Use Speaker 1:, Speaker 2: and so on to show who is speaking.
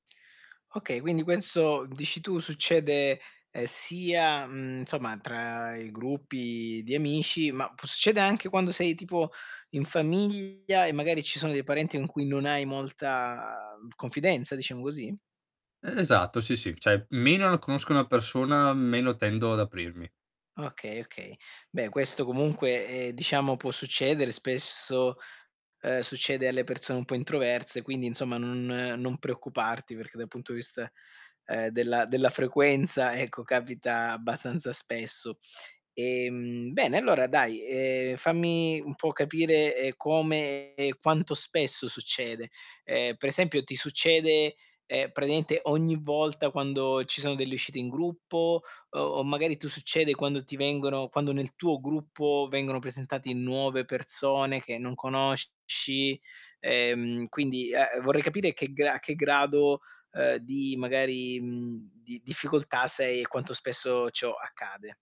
Speaker 1: Okay, quindi questo dici tu succede, ehm, sia, mhmm, insomma tra i gruppi di amici, ma può succedè anche quando sei tipo in famiglia e magari ci sono dei parenti in cui non hai molta confidenza, diciamo così?
Speaker 2: Esatto, sì, sì. Cioè, meno l conosco una persona, meno tendo ad aprirmi.
Speaker 1: Okay, okay. Beh, questo comunque, ehm, diciamo può succedere. Spesso, ehm, succede alle persone un po' introverse, quindi insomma non non preoccuparti, perché dal punto di vista, ehm, della della frequenza, ecco, capita abbastanza spesso. Ehm, bene, allora dai, ehm, fammi un po' capire, ehm, come e quanto spesso succede. Ehm, per esempio ti succede, ehm, praticamente ogni volta quando ci sono delle uscite in gruppo? O o magari tu succede quando ti vengono quando nel tuo gruppo vengono presentati nuove persone che non conosci? Ehm, quindi, ehm, vorrei capire che gra a che grado, ehm, di magari, mhmm, di difficoltà sei e quanto spesso ciò accade.